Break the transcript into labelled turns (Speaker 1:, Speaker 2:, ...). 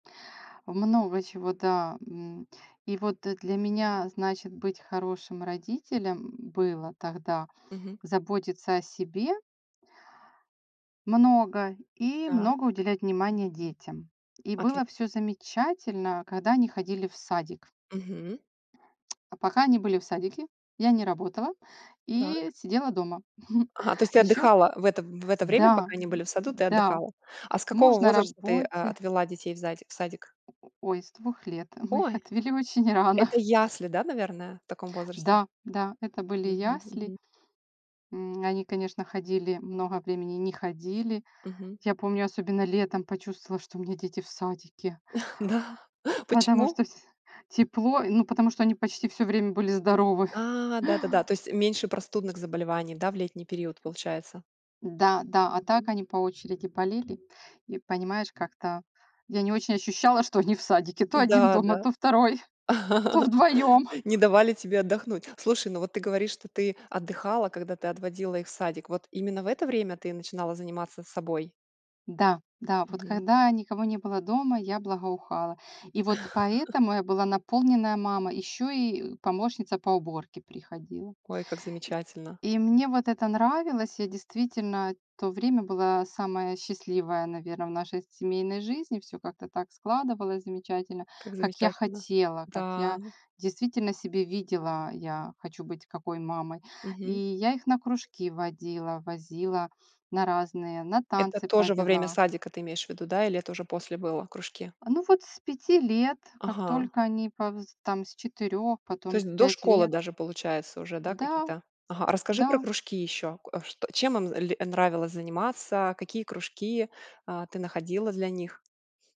Speaker 1: Много чего, да. М. И вот, э, для меня, значит, быть хорошим родителем было тогда
Speaker 2: Мгм.
Speaker 1: заботиться о себе много и
Speaker 2: Да.
Speaker 1: много уделять внимания детям. И
Speaker 2: Отли
Speaker 1: было всё замечательно, когда они ходили в садик.
Speaker 2: Мгм.
Speaker 1: А пока они были в садике, я не работала и
Speaker 2: Так.
Speaker 1: сидела дома.
Speaker 2: Ага, то есть, ты
Speaker 1: Ещё к
Speaker 2: отдыхала в это в это время,
Speaker 1: Да,
Speaker 2: пока они были в саду, ты
Speaker 1: да.
Speaker 2: отдыхала. А с какого
Speaker 1: Муж на
Speaker 2: возраста ты, а,
Speaker 1: работе
Speaker 2: отвела детей в задик в садик?
Speaker 1: О о ой, с 2 лет. Мы их
Speaker 2: Ой,
Speaker 1: отвели очень рано.
Speaker 2: это ясли, да, наверное, в таком возрасте?
Speaker 1: Да, да, это были
Speaker 2: Мгм
Speaker 1: ясли.
Speaker 2: мгм.
Speaker 1: М, они, конечно, ходили много времени, не ходили.
Speaker 2: Мгм.
Speaker 1: Я помню, особенно летом почувствовала, что у меня дети в садике.
Speaker 2: Да.
Speaker 1: Потому
Speaker 2: Почему?
Speaker 1: что вс тепло. Ну потому что они почти всё время были здоровы.
Speaker 2: А, да-да-да, то есть меньше простудных заболеваний, да, в летний период получается?
Speaker 1: Да, да, а, так
Speaker 2: Мгм.
Speaker 1: они по очереди болели. И понимаешь, как-то я не очень ощущала, что они в садике: то 1
Speaker 2: Да,
Speaker 1: дома,
Speaker 2: да.
Speaker 1: то 2, то вдвоём.
Speaker 2: Не давали тебе отдохнуть. Слушай, ну вот ты говоришь, что ты отдыхала, когда ты отводила их в садик. Вот именно в это время ты начинала заниматься собой?
Speaker 1: Да, да, вот
Speaker 2: Мгм.
Speaker 1: когда никого не было дома, я благоухала. И вот поэтому я была наполненная мама, ещё и помощница по уборке приходила.
Speaker 2: Ой, как
Speaker 1: И
Speaker 2: замечательно.
Speaker 1: и мне вот это нравилось. Я действительно то время была самая счастливая, наверное, в нашей семейной жизни. Всё как-то так складывалось замечательно,
Speaker 2: Как
Speaker 1: как я
Speaker 2: замечательно.
Speaker 1: хотела, как
Speaker 2: Да.
Speaker 1: я действительно себе видела я хочу быть какой мамой. И
Speaker 2: Мгм.
Speaker 1: я их на кружки водила, возила на разные, на
Speaker 2: Это
Speaker 1: танцы
Speaker 2: тоже во время
Speaker 1: повела.
Speaker 2: садика ты имеешь в виду, да? Или это уже после было, кружки?
Speaker 1: А ну вот с 5 лет, как
Speaker 2: Ага.
Speaker 1: только они повз там с 4,
Speaker 2: То
Speaker 1: потом
Speaker 2: есть
Speaker 1: в
Speaker 2: до
Speaker 1: 5
Speaker 2: школы
Speaker 1: лет.
Speaker 2: даже получается уже, да,
Speaker 1: Да,
Speaker 2: какие-то. Ага, расскажи про
Speaker 1: да.
Speaker 2: кружки ещё, к а, что чем им з ли нравилось заниматься, какие кружки, а, ты находила для них?